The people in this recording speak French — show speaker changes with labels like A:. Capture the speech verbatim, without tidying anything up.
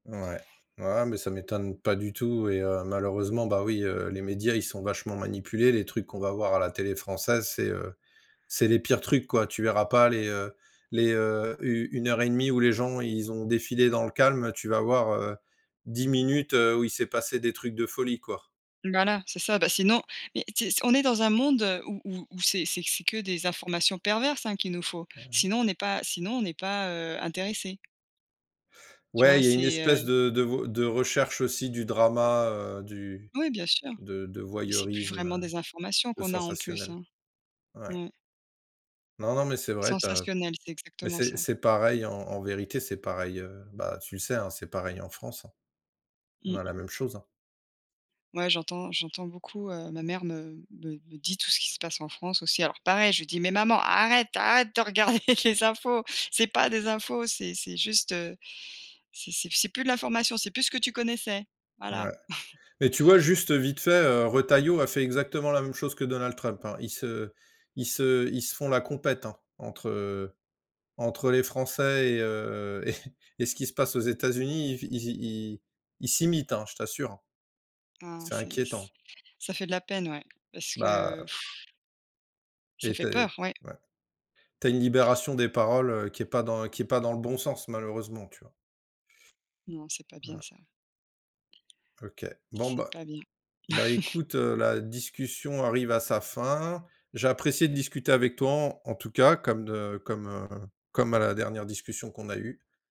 A: Ouais, ouais, mais ça m'étonne pas du tout et heu, malheureusement bah oui, heu, les médias ils sont vachement manipulés, les trucs qu'on va voir à la télé française, c'est, heu, c'est les pires trucs quoi, tu verras pas les, heu, les, heu, u une heure et demie où les gens ils ont défilé dans le calme, heu, tu vas voir, heu, dix minutes, heu, où il s'est passé des trucs de folie quoi.
B: Voilà c'est ça bah sinon mais si c on est dans un monde où où où c'est c'est c'est que des informations perverses hein qu'il nous faut,
A: Ah ouais.
B: sinon on est pas sinon on est pas, heu, intéressé. Tu vois
A: Ouais, il y a une
B: c'est, heu
A: espèce de de vo de recherche aussi du drama, heu, du
B: Oui bien sûr,
A: de de
B: mais c'est plus
A: voyeurisme,
B: vraiment
A: heu,
B: des informations
A: de
B: qu'on a en plus
A: sensationnel.
B: hein?
A: Ouais.
B: Ouais.
A: Non, non mais c'est vrai tu as
B: Sensationnel, c'est
A: mais
B: exactement
A: c'est
B: ça.
A: c'est pareil en en vérité, c'est pareil, heu, bah tu le sais hein, c'est pareil en France hein. On
B: Mmh.
A: a la même chose hein.
B: Ouais j'entends j'entends beaucoup, heu, ma mère me me me dit tout ce qui se passe en France aussi alors pareil je lui dis: «Mais maman arrête arrête de regarder les infos c'est pas des infos c'est c'est juste, heu, c'est c'est p c'est plus de l'information c'est plus ce que tu connaissais», voilà.
A: Ouais, mais tu vois juste vite fait, heu, Retailleau a fait exactement la même chose que Donald Trump hein, ils se ils se ils se font la compète, hein entre, heu, entre les Français et heu, et et ce qui se passe aux États-Unis, ils f i ils ils s'imitent hein, je t'assure hein.
B: Ah
A: C'est
B: c'est c
A: inquiétant.
B: c ça fait de la peine ouais parce
A: Bah,
B: que
A: heu
B: ça
A: Et
B: fait
A: tu as, heu
B: peur, ouais.
A: ouais, tu as une libération des paroles, heu, qui est pas dans qui est pas dans le bon sens malheureusement, tu vois?
B: Non c'est pas bien
A: Voilà.
B: ça.
A: OK. Bon
B: C'est
A: bah
B: pas bien.
A: bah écoute, heu, la discussion arrive à sa fin. J'ai apprécié de discuter avec toi en en tout cas comme de comme, heu, comme à la dernière discussion qu'on a eu.